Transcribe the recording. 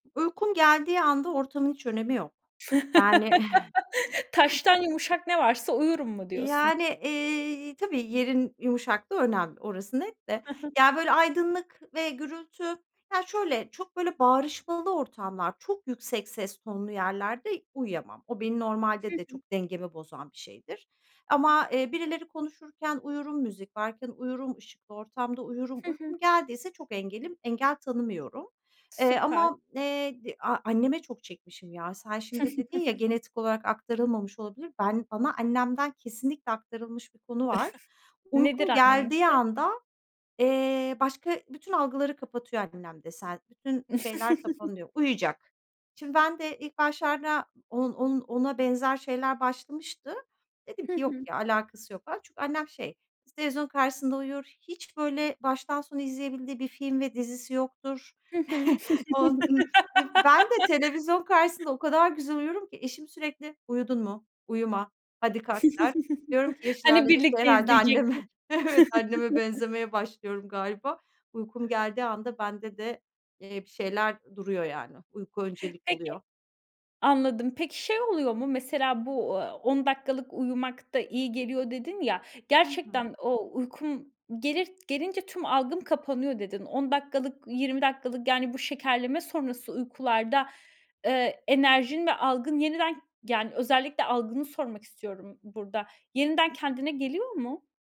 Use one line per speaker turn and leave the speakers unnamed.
Uykum geldiği anda ortamın hiç önemi yok. Yani.
"Taştan yumuşak ne varsa uyurum." mu
E,
diyorsun?
yani, eee, tabii yerin yumuşaklığı önemli orası net de.
Ha ha.
Ya, böyle, aydınlık ve gürültü Ya şöyle: Çok, böyle, bağırışmalı ortamlar, çok yüksek ses tonlu yerlerde uyuyamam. O benim
Hı
normalde de
hı.
çok dengemi bozan bir şeydir ama, eee, birileri konuşurken uyurum, müzik varken uyurum, ışıklı ortamda uyurum.
Hı hı.
Uykum geldiyse çok engelim engel tanımıyorum. Eee,
Süper.
ama, eee, de a anneme çok çekmişim ya. Sen şimdi dedin ya, "Genetik olarak aktarılmamış olabilir." Ben bana annemden kesinlikle aktarılmış bir konu var.
Nedir
Uykum geldiği
anneninki?
anda, eee, başka bütün algıları kapatıyor annem de sen Bütün şeyler kapanıyor, uyuyacak. Şimdi ben de ilk başlarda on on ona benzer şeyler başlamıştı. Dedim
Hı
ki, "Yok
hı.
ya! Alakası yok." falan. Çünkü annem, şey, is televizyonun karşısında uyur. Hiç, böyle, baştan sona izleyebildiği bir film ve dizisi yoktur.
Hı hı.
On ın iii, ben de televizyon karşısında o kadar güzel uyurum ki eşim sürekli, "Uyudun mu? Uyuma, hadi kalk." der. Diyorum ki yaş
Hani
ilerledikçe
birlikte
herhâlde
izleyecektik?
anneme Evet, anneme benzemeye başlıyorum galiba. Uykum geldiği anda bende de, eee, bir şeyler duruyor yani. Uyku öncelik
Peki
oluyor.
Anladım. Peki, şey oluyor mu? Mesela bu, aaa, "10 dakikalık uyumak da iyi geliyor." dedin ya,
Hı hı.
gerçekten o "Uykum gelir gelince tüm algım kapanıyor." dedin. 10 dakikalık, 20 dakikalık, yani, bu şekerleme sonrası uykularda, eee, enerjin ve algın yeniden yani, özellikle algını sormak istiyorum burada, yeniden kendine geliyor mu?